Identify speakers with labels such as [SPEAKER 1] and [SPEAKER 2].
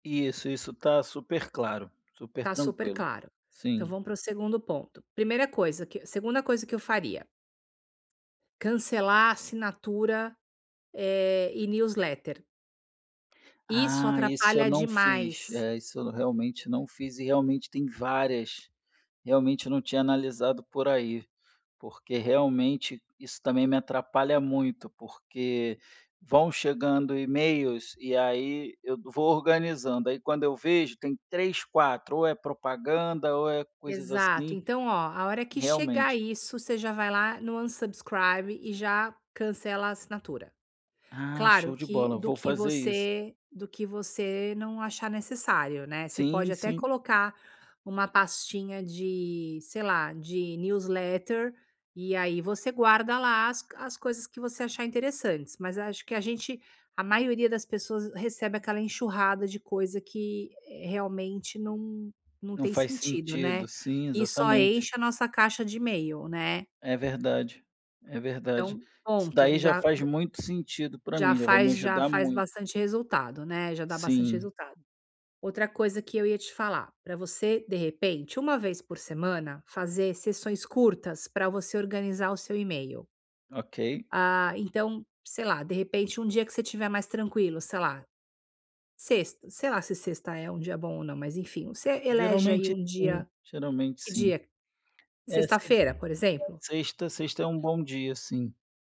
[SPEAKER 1] Isso, isso está super claro, super
[SPEAKER 2] Está super
[SPEAKER 1] tranquilo.
[SPEAKER 2] claro. Então
[SPEAKER 1] Sim.
[SPEAKER 2] vamos pro segundo ponto. Primeira coisa que, segunda coisa que eu faria. Cancelar a assinatura, eh, e newsletter. Isso
[SPEAKER 1] Ah, esse eu
[SPEAKER 2] atrapalha
[SPEAKER 1] não fiz,
[SPEAKER 2] demais.
[SPEAKER 1] é, isso eu realmente não fiz, e realmente tem várias, realmente não tinha analisado por aí, porque realmente isso também me atrapalha muito, porque vão chegando emails e aí eu vou organizando. Aí quando eu vejo tem 3, 4. Ou é propaganda, ou é coisas
[SPEAKER 2] Exato,
[SPEAKER 1] assim.
[SPEAKER 2] então olha, a hora que chegar
[SPEAKER 1] Realmente.
[SPEAKER 2] isso você já vai lá no unsubscribe e já cancela a assinatura.
[SPEAKER 1] Ah,
[SPEAKER 2] Claro
[SPEAKER 1] show de
[SPEAKER 2] que
[SPEAKER 1] bola.
[SPEAKER 2] do
[SPEAKER 1] Vou
[SPEAKER 2] que
[SPEAKER 1] fazer isso.
[SPEAKER 2] você do que você não achar necessário, né, você
[SPEAKER 1] Sim,
[SPEAKER 2] pode até
[SPEAKER 1] sim.
[SPEAKER 2] colocar uma pastinha de, sei lá, de newsletter e aí você guarda lá as co as coisas que você achar interessantes, mas acho que a gente, a maioria das pessoas recebe aquela enxurrada de coisa que, eh, realmente não não
[SPEAKER 1] Não,
[SPEAKER 2] tem
[SPEAKER 1] faz
[SPEAKER 2] sentido, né.
[SPEAKER 1] sentido, sim,
[SPEAKER 2] E só
[SPEAKER 1] exatamente.
[SPEAKER 2] enche a nossa caixa de email né.
[SPEAKER 1] É verdade, é verdade.
[SPEAKER 2] Então,
[SPEAKER 1] Isso
[SPEAKER 2] ponto,
[SPEAKER 1] daí já
[SPEAKER 2] já
[SPEAKER 1] faz
[SPEAKER 2] d
[SPEAKER 1] muito sentido para
[SPEAKER 2] já
[SPEAKER 1] mim, já vai me
[SPEAKER 2] faz já
[SPEAKER 1] ajudar
[SPEAKER 2] faz
[SPEAKER 1] muito.
[SPEAKER 2] bastante resultado, né. Já dá bastante
[SPEAKER 1] Sim.
[SPEAKER 2] resultado. Outra coisa que eu ia te falar, pra você de repente, uma vez por semana, fazer sessões curtas pra você organizar o seu email.
[SPEAKER 1] Ok.
[SPEAKER 2] Ah, então, sei lá, de repente um dia que você estiver mais tranquilo, sei lá, sexta, sei lá se sexta é um dia bom ou não, mas enfim, você elege aí
[SPEAKER 1] Geralmente,
[SPEAKER 2] um
[SPEAKER 1] sim,
[SPEAKER 2] dia,
[SPEAKER 1] geralmente
[SPEAKER 2] que
[SPEAKER 1] sim.
[SPEAKER 2] dia?
[SPEAKER 1] É sim.
[SPEAKER 2] Sexta-feira, por exemplo?
[SPEAKER 1] Sexta sexta é um bom dia sim.